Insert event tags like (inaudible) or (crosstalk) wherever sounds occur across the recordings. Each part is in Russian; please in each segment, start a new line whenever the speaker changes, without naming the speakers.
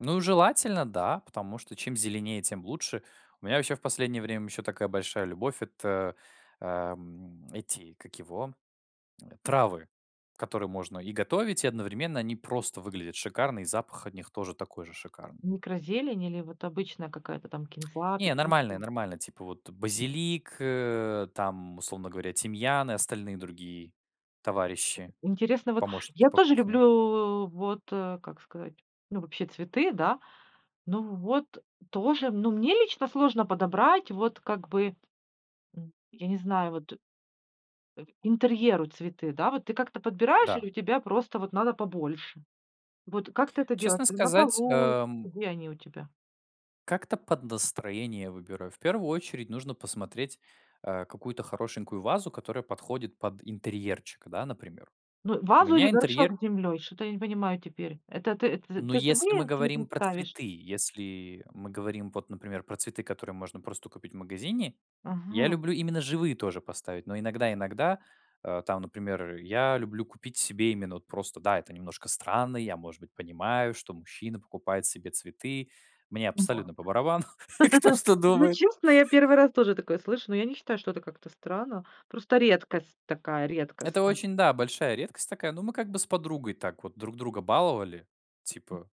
Ну, желательно, да, потому что чем зеленее, тем лучше. У меня вообще в последнее время еще такая большая любовь- это, ам, эти, как его, а, травы, которые можно и готовить, и одновременно они просто выглядят шикарно, и запах от них тоже такой же шикарный.
Микрозелень или вот обычная какая-то там
(clicks tongue)
кинза,
Не,
петрушка?
нормальные нормальные. Типа, вот базилик, э, там, условно говоря, тимьян и остальные другие товарищи.
Интересно вот.
Помощники
Я
по
тоже
кухне.
люблю, вот, э, как сказать, ну, вообще цветы, да. Ну вот тоже. Ну, мне лично сложно подобрать, вот как бы, м я не знаю вот, э, интерьеру цветы, да. Вот ты как-то подбираешь или
Да.
у тебя просто вот надо побольше? Вот как ты это делаешь?
Честно
Ты на
сказать,
полу,
ам
где они у тебя?
Как-то под настроение выбираю. В первую очередь нужно посмотреть, а, какую-то хорошенькую вазу, которая подходит под интерьерчик, да, например.
Ну,
У
вазу или
меня
горшок
интерьерө
с землей? Что-то я не понимаю теперь. Это ты это з
Ну,
ты
если мы
живые цветы
говорим про
ставишь?
цветы, если мы говорим вот, например, про цветы, которые можно просто купить в магазине, я
Ага.
люблю именно живые тоже поставить, но иногда иногда, а там, например, я люблю купить себе именно вот просто, да, это немножко странно. Я, может быть, понимаю, что мужчина покупает себе цветы. Мне
И вот.
абсолютно по барабану, кто
(chuckles)
что
Ну,
думает.
честно, я 1
(chuckles)
раз тоже такое слышу, ну, я не считаю, это как-то странно. Просто редкость такая,
Это
редкостная.
очень, да, большая редкость такая. Но мы как бы с подругой так вот друг друга баловали.
Мгм.
Типа.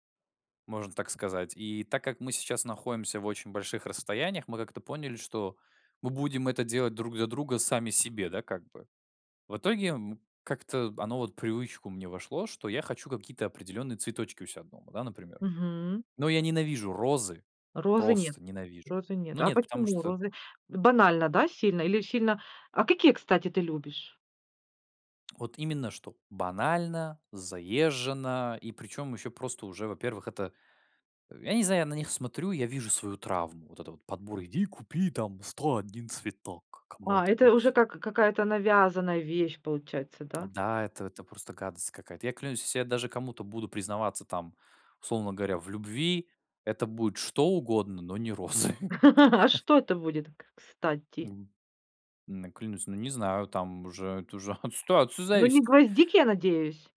Можно так сказать. И так как мы сейчас находимся в очень больших расстояниях, мы как-то поняли, что мы будем это делать друг для друга сами себе, да, как бы. В итоге, м, как-то оно вот в привычку мне вошло, что я хочу какие-то определённые цветочки у себя дома, да, например.
Мгм.
Но я ненавижу розы.
Розы нет
Просто ненавижу.
розы нет.
Ну
А
нет, потому
почему
что
розы? Банально, да, сильно? Или сильно? А какие, кстати, ты любишь?
Вот именно, что банально, заезжено, и притом еще просто уже, во-первых, это, я не знаю, на них смотрю, я вижу свою травму. Вот это вот подбор: "Иди купи там 101 цветок
А, это уже
кому-нибудь".
как какая-то навязанная вещь получается, да?
Да, это это просто гадость какая-то. Я клянусь, если я даже кому-то буду признаваться там, условно говоря, в любви, это будет что угодно, но не розы.
(laughs) А
(chuckles)
что это будет к кстати?
М н клянусь, ну, не знаю, там уже это уже от ситуации
Ну, не
зависит.
гвоздики, я надеюсь?